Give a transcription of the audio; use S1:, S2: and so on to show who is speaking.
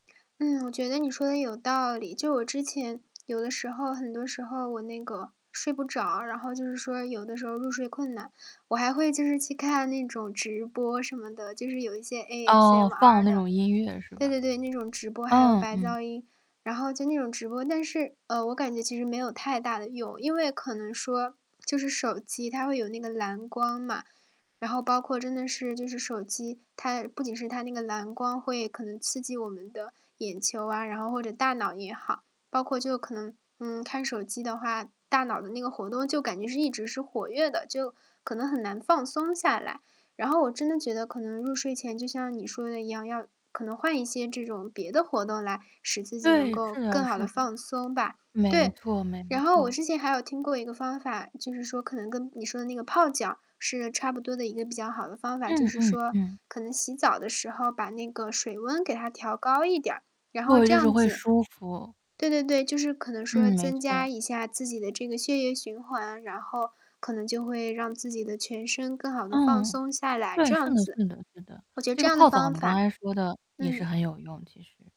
S1: 嗯，我觉得你说得有道理。就我之前，有的时候很多时候，我那个睡不着，然后就是说有的时候入睡困难，我还会就是去看那种直播什么的，就是有一些
S2: 哦，放
S1: ASMR
S2: 那
S1: 的。
S2: 种音乐是
S1: 对
S2: 吧？
S1: 对对，那种直播还有
S2: 嗯，
S1: 白
S2: 嗯。
S1: 噪音，然后就那种直播。但是呃，我感觉其实没有太大的用。因为可能说就是手机它会有那个蓝光嘛，然后包括真的是就是手机它不仅是它那个蓝光会可能刺激我们的眼球啊，然后或者大脑也好。包括就可能，嗯，看手机的话，大脑的那个活动就感觉是一直是活跃的，就可能很难放松下来。然后我真的觉得可能入睡前就像你说的一样，要可能换一些这种别的活动来使自己能
S2: 对，
S1: 够
S2: 是的，
S1: 更好
S2: 是
S1: 地
S2: 的。
S1: 放松吧。
S2: 没
S1: 对，
S2: 错没
S1: 然后我
S2: 错。
S1: 之前还有听过一个方法，就是说可能跟你说的那个泡脚是个差不多的一个比较好的方法，就
S2: 嗯，
S1: 是
S2: 嗯，
S1: 说
S2: 嗯。
S1: 可能洗澡的时候把那个水温给它调高一点儿，然后
S2: 对，
S1: 这
S2: 就是
S1: 样
S2: 会
S1: 子
S2: 舒服。
S1: 对对对，就是可能说
S2: 嗯，没
S1: 增加
S2: 错。
S1: 一下自己的这个血液循环，然后可能就会让自己的全身更好地放
S2: 嗯。
S1: 松下来，
S2: 对，
S1: 这
S2: 是
S1: 样
S2: 的，
S1: 子。
S2: 是的，是的。
S1: 我觉得
S2: 这
S1: 这
S2: 个
S1: 样的
S2: 泡澡，
S1: 方
S2: 你刚
S1: 法
S2: 才说的也是
S1: 嗯。
S2: 很有用其实。